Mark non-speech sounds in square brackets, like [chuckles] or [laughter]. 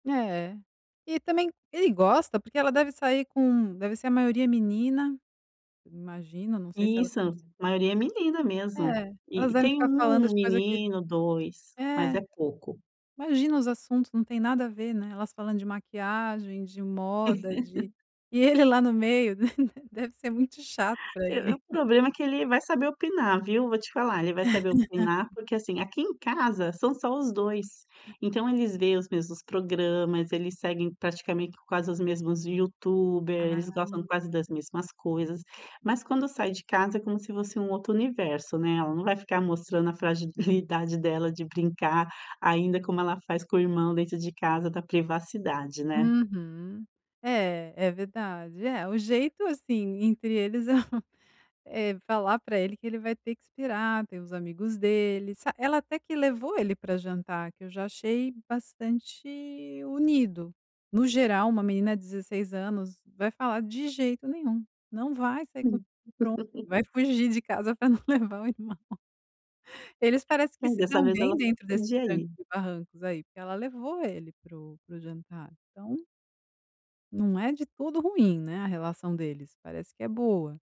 É. E também ele gosta, porque ela deve sair com deve ser a maioria menina, imagino, não sei se ela Isso. tem Maioria é menina mesmo. É, elas E devem tem ficar falando 1 de coisa que menino 2, mas É, é pouco. imagina os assuntos, não tem nada a ver, né. Elas falando de maquiagem, de moda, de [laughs] e ele lá no meio deve deve ser muito chato pra É é ele. o [chuckles] problema que ele vai saber opinar, viu? Vou te falar, ele vai saber opinar [laughs] porque, assim, aqui em casa são só os 2. É. Então eles veem os mesmos programas, eles seguem praticamente quase os mesmos youtubers, eles Ah. gostam quase das mesmas coisas, mas quando sai de casa é como se fosse um outro universo, né, ela não vai ficar mostrando a fragilidade dela de brincar ainda como ela faz com o irmão dentro de casa da privacidade, né. Uhum. É é verdade. É o jeito, assim, entre eles é, hã, é falar pra ele que ele vai ter que esperar, ter os amigos dele, sa ela até que levou ele pra jantar, que eu já achei bastante unido. No geral uma menina de 16 anos vai falar: "De jeito nenhum, não vai sair comigo Sim. e pronto!". [laughs] Vai fugir de casa pra não levar o irmão. Eles parece que É, se dessa dão vez, ela bem até dentro desses podia trancos ir. e barrancos aí, porque ela levou ele para o para o jantar. Então não é de tudo ruim, né, a relação deles. Parece que é boa.